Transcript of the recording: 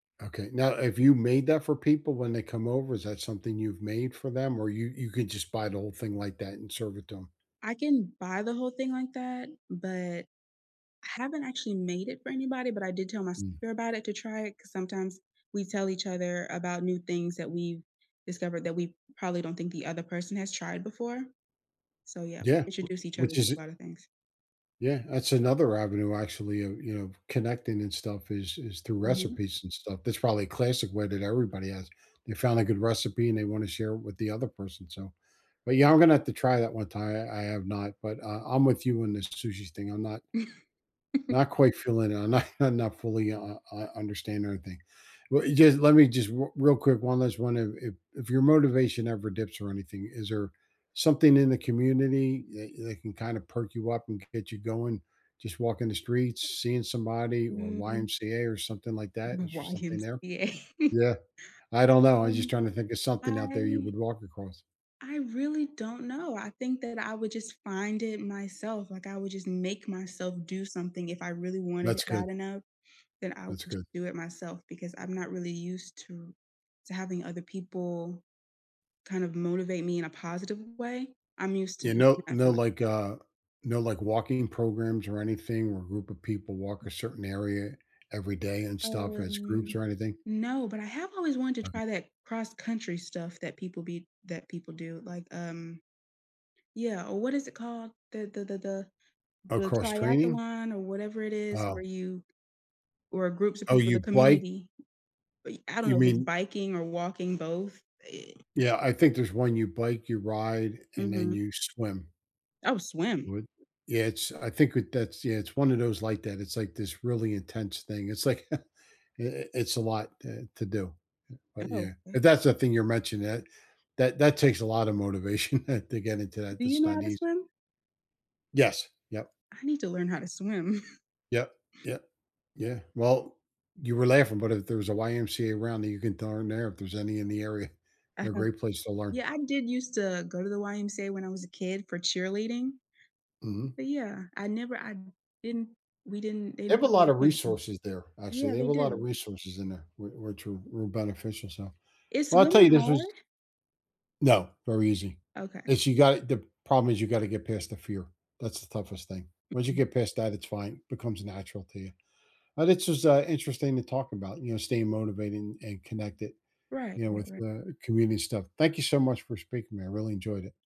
Okay, now have you made that for people when they come over? Is that something you've made for them? Or you you could just buy the whole thing like that and serve it to 'em? I can buy the whole thing like that, but I haven't actually made it for anybody, but I did tell my Mm. sister about it to try it 'cause sometimes we tell each other about new things that we've discovered that we probably don't think the other person has tried before. So, yeah, Yeah. W introduce each other which to is a it lotta things. Yeah, that's another avenue actually of, you know, connecting and stuff is is through Mhm. recipes and stuff, that's probably classic way that everybody has, they found a good recipe and they wanna share it with the other person, so But, yeah, I'm gonna have to try that one time, I I have not, but, uh, I'm with you in this sushi thing, I'm not not quite feeling it, I'm not I'm not fully u u u understand everything. Well, e just let me just r real quick, one last one if if if your motivation ever dips or anything, is there something in the community that that can kinda perk you up and g get you going? Just walking the streets, seeing somebody, or Mm. YMCA, or something like that, is there something there? YMCA. Yeah. I don't know, I was just Um, trying to think of something out there you I would walk across. I really don't know. I think that I would just find it myself, like, I would just make myself do something if I really wanted it That's good. bad enough, then I would That's j good. do it myself because I'm not really used to to having other people kind of motivate me in a positive way. I'm used to You doing know that for no, my like, uh, no, like, walking programs or anything where a group of people walk a certain area every day and stuff as groups Um, or anything? no, but I have always wanted to Okay. try that cross country stuff that people be that people do, like, um Yeah, or, what is it called? The the the the Oh, the cross-training? triathlon or whatever it is where Oh. you where groups of Oh, people you the bi community, I I don't You know if it's mean biking or walking, both, it Yeah, I think there's one you bike, you ride and, then Mhm. you swim. Oh, swim. You would? Yeah, it's I think with that's Yeah, it's one of those like that, it's, like, this really intense thing, it's like i i it's a lot, eh, to do, but, Oh. yeah. Mm. If that's a thing you're mentioning, that that that takes a lotta motivation to get into that, Do you that's know how not to easy. swim? Yes. Yep. I need to learn how to swim. Yep. Yeah. Yeah, well, you were laughing, but if there's a YMCA around that you can throw in there, if there's any in the area, they're a Uh-huh. great place to learn. Yeah, I did used to go to the YMCA when I was a kid for cheerleading. Mhm. But, yeah, I never I didn't we didn't they They didn't have a put me in lotta swimming. resources there, actually, Yeah, they have they a lotta do. resources in there, where where true real beneficial stuff. Is Well, I tell swimming you this hard? was No, very easy, Okay. this you got the problem is you gotta get past the fear; that's the toughest thing. Once you Mm-mm. get past that, it's fine, becomes natural to you. Uh, this was, uh, interesting to talk about, you know, staying motivated and and connected, Right. you know, Right, with right. the community stuff. Thank you so much for speaking to me, I really enjoyed it.